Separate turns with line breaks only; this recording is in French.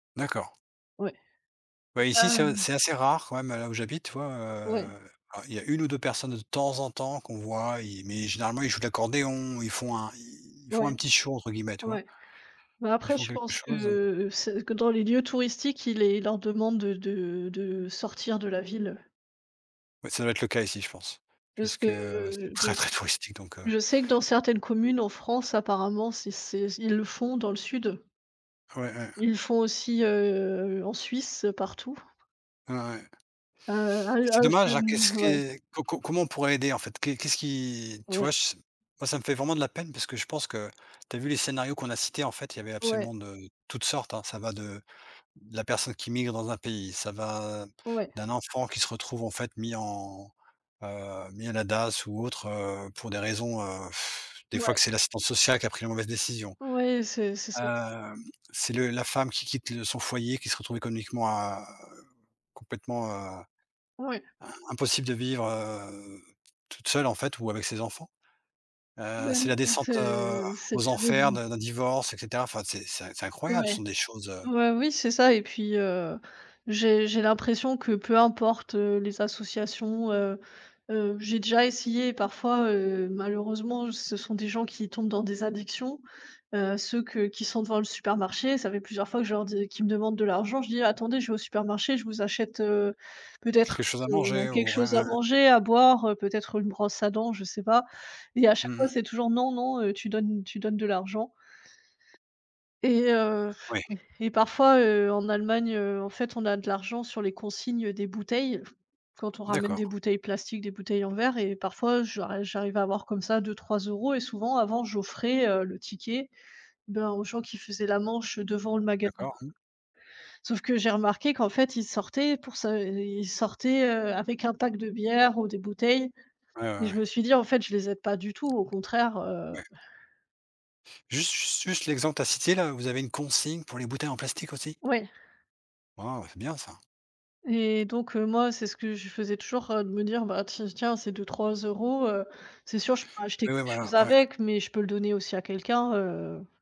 D'accord.
Ouais. Et
Ouais, ici,
pas
c'est, heu, c'est assez rare quand même là où j'habite, tu vois,
Ouais.
heu, alors il y a 1 ou 2 personnes de temps en temps qu'on voit, i mais généralement, ils jouent de l'accordéon, ils font un ils ils font un
Ouais.
«petit show», entre guillemets, tu vois?
Ouais. Heu,
Ils
après
font
je
quelque
pense
chose.
que c que dans les lieux touristiques, il est ils leur demandent, heu, de de sortir de la ville.
Ouais, ça doit être le cas ici, je pense,
Juste
puisque c'est
que
très,
[unintelligible]
très touristique, donc, heu
je sais que dans certaines communes en France apparemment, c'est c'est ils le font dans le sud.
Ouais, ouais.
Ils le font aussi, heu, en Suisse partout.
Ouais, ouais.
A heu, à
C'est
je
dommage, qu'est-ce
nou ouais.
que co co comment on pourrait aider, en fait? Qu'est qu'est-ce qui, tu
Ouais.
vois, je s moi, ça me fait vraiment de la peine parce que je pense que tu as vu les scénarios qu'on a cités, en fait, il y avait
Ouais.
absolument de toutes sortes, hein. Ça va de de la personne qui migre dans un pays, ça va
Ouais.
d'un enfant qui se retrouve, en fait, mis en, heu, mis à la DASS ou autre, heu, pour des raisons, heu, des fois, que
Ouais.
c'est l'assistance sociale qui a pris la mauvaise décision.
Oui, c'est c'est c'est
Heu, c'est le la femme qui quitte le son foyer, qui se retrouve économiquement à complètement, heu,
Ouais.
im impossible de vivre, heu, toute seule, en fait, ou avec ses enfants. Heu, c'est la descente, heu, aux enfers
[unintelligible]
de d'un divorce et cetera. Enfin, c'est c'est c'est incroyable,
Ouais.
ce sont des choses heu
Bah oui, c'est ça et puis, heu, j'ai j'ai l'impression que peu importe, heu, les associations, heu, heu, j'ai déjà essayé parfois, heu, malheureusement, ce sont des gens qui tombent dans des addictions, heu, ceux que qui sont devant le supermarché, ça fait plusieurs fois que je leur dis qu'ils me demandent de l'argent. Je dis: «Attendez je vais au supermarché, je vous achète, heu, peut-être
Quelque
un
chose à
t un
manger
quelque
ou
chose
un
à
un
manger, à boire, heu, peut-être une brosse à dents, je sais pas». Et à chaque
Mmh
fois
mh.
c'est toujours: «Non, non, heu, tu donnes tu donnes de l'argent». Et heu,
Oui.
et parfois, heu, en Allemagne, heu, en fait, on a de l'argent sur les consignes, heu, des bouteilles quand on ramène des
D'accord.
bouteilles plastiques, des bouteilles en verre et parfois j'ar j'arrive à avoir comme ça, 2-3 € et souvent avant j'offrais, heu, le ticket, ben, aux gens qui faisaient la manche devant le magasin.
D'accord, mmh?
Sauf que j'ai remarqué qu'en fait, ils sortaient pour sa ils sortaient, heu, avec un pack de bière ou des bouteilles
Ouais, ouais,
et
ouais.
je me suis dit: «En fait, je les aide pas du tout, au contraire», heu.
Ouais. Juste ju juste l'exemple que tu as cité là, vous avez une consigne pour les bouteilles en plastique aussi?
Ouais.
Waouh, c'est bien ça.
Et donc, heu, moi, c'est ce que je faisais toujours, heu, de me dire: «Ben, t tiens c'est 2-3 €, heu, c'est sûr je pourrais acheter
Oui,
quelque
oui voilà,
chose
ouais.
avec mais je peux le donner aussi à quelqu'un», heu.